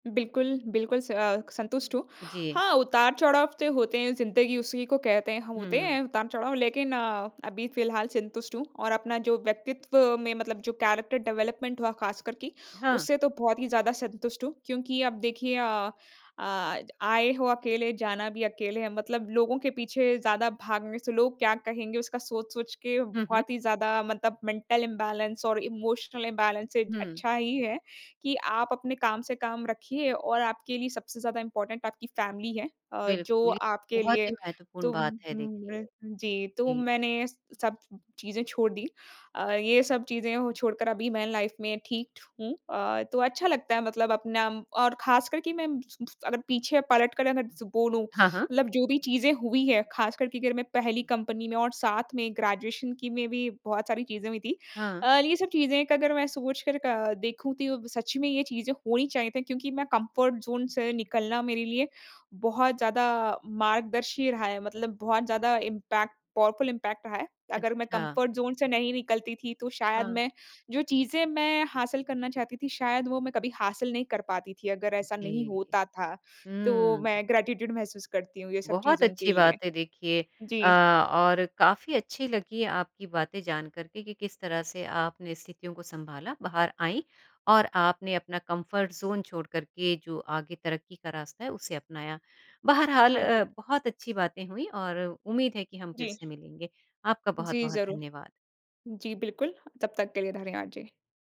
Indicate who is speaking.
Speaker 1: बिल्कुल, बिल्कुल स अ, संतुष्ट हूँ।
Speaker 2: जी।
Speaker 1: हाँ, उतार-चढ़ाव तो होते हैं ज़िन्दगी उसी को कहते हैं, ह होते हैं
Speaker 2: हुँ।
Speaker 1: उतार चढ़ाव लेकिन अ, अभी फिलहाल संतुष्ट हूँ। और अपना जो व्यक्तित्व में मतलब जो कैरेक्टर डेवलपमेंट हुआ खासकर की,
Speaker 2: हाँ।
Speaker 1: उससे तो बहुत ही ज़्यादा संतुष्ट हूँ, क्योंकि अब देखिए अ, आज आए हो अकेले, जाना भी अकेले है, मतलब लोगों के पीछे ज़्यादा भागने से लोग क्या कहेंगे उसका सोच-सोच के
Speaker 2: हुँ, हुँ।
Speaker 1: बहुत ही ज़्यादा मतलब मेंटल इम्बैलेंस और इमोशनल इम्बैलेंस से
Speaker 2: हुँ।
Speaker 1: अच्छा ही है कि आप अपने काम से काम रखिए और आपके लिए सबसे ज़्यादा इम्पोर्टेंट आपकी फैमिली है अ, जो
Speaker 2: बिल्कुल। ये तो
Speaker 1: आपके
Speaker 2: बहुत
Speaker 1: लिए
Speaker 2: ही
Speaker 1: तो
Speaker 2: महत्वपूर्ण बात है देखिए।
Speaker 1: जी, तो
Speaker 2: जी।
Speaker 1: मैंने सब चीज़ें छोड़ दीं। अ, ये सब चीज़ें छोड़ कर अभी मैं लाइफ में ठीक हूँ अ, तो अच्छा लगता है मतलब अपना और खासकर कि मैं [unintelligible] अगर पीछे पलट कर अगर बोलूँ
Speaker 2: हाँ, हाँ।
Speaker 1: मतलब जो भी चीज़ें हुई हैं, खासकर की अगर मैं पहली कंपनी में और साथ में ग्रेजुएशन की में भी बहुत सारी चीज़ें हुई थीं।
Speaker 2: हाँ।
Speaker 1: अ, ये सब चीज़ें अगर मैं सोच कर अ, देखूँ तो ये सच में ये चीज़ें होनी चाहिए थी क्योंकि मैं कम्फर्ट ज़ोन से निकलना मेरे लिए, बहुत ज़्यादा मार्गदर्शी रहा है, मतलब बहुत ज़्यादा इम्पैक्ट पावरफुल इम्पैक्ट रहा है। अगर मैं
Speaker 2: अच्छा।
Speaker 1: कम्फर्ट ज़ोन से नहीं निकलती थी तो शायद
Speaker 2: हाँ।
Speaker 1: मैं जो चीज़ें मैं हासिल करना चाहती थी शायद वो मैं कभी हासिल नहीं कर पाती थी अगर ऐसा नहीं
Speaker 2: जी।
Speaker 1: होता था। तो
Speaker 2: हुँ।
Speaker 1: मैं ग्रैटीट्यूड महसूस करती हूँ, ये सब
Speaker 2: बहुत
Speaker 1: चीज़ों के
Speaker 2: अच्छी
Speaker 1: लिए।
Speaker 2: बात है, देखिए अ,
Speaker 1: जी।
Speaker 2: और काफ़ी अच्छी लगी है आपकी बातें जानकर के, कि किस तरह से आपने स्थितियों को सँभाला बाहर आईं और आपने अपना कम्फर्ट ज़ोन छोड़ कर के जो आगे तरक्की का रास्ता है उसे अपनाया। बहरहाल
Speaker 1: हाँ जी।
Speaker 2: अ, बहुत अच्छी बातें हुईं और उम्मीद है कि हम फिर
Speaker 1: जी।
Speaker 2: से मिलेंगे। आपका
Speaker 1: जी,
Speaker 2: बहुत-बहुत
Speaker 1: ज़रूर।
Speaker 2: धन्यवाद।
Speaker 1: जी, बिल्कुल। तब तक के लिए धन्यवाद, जी।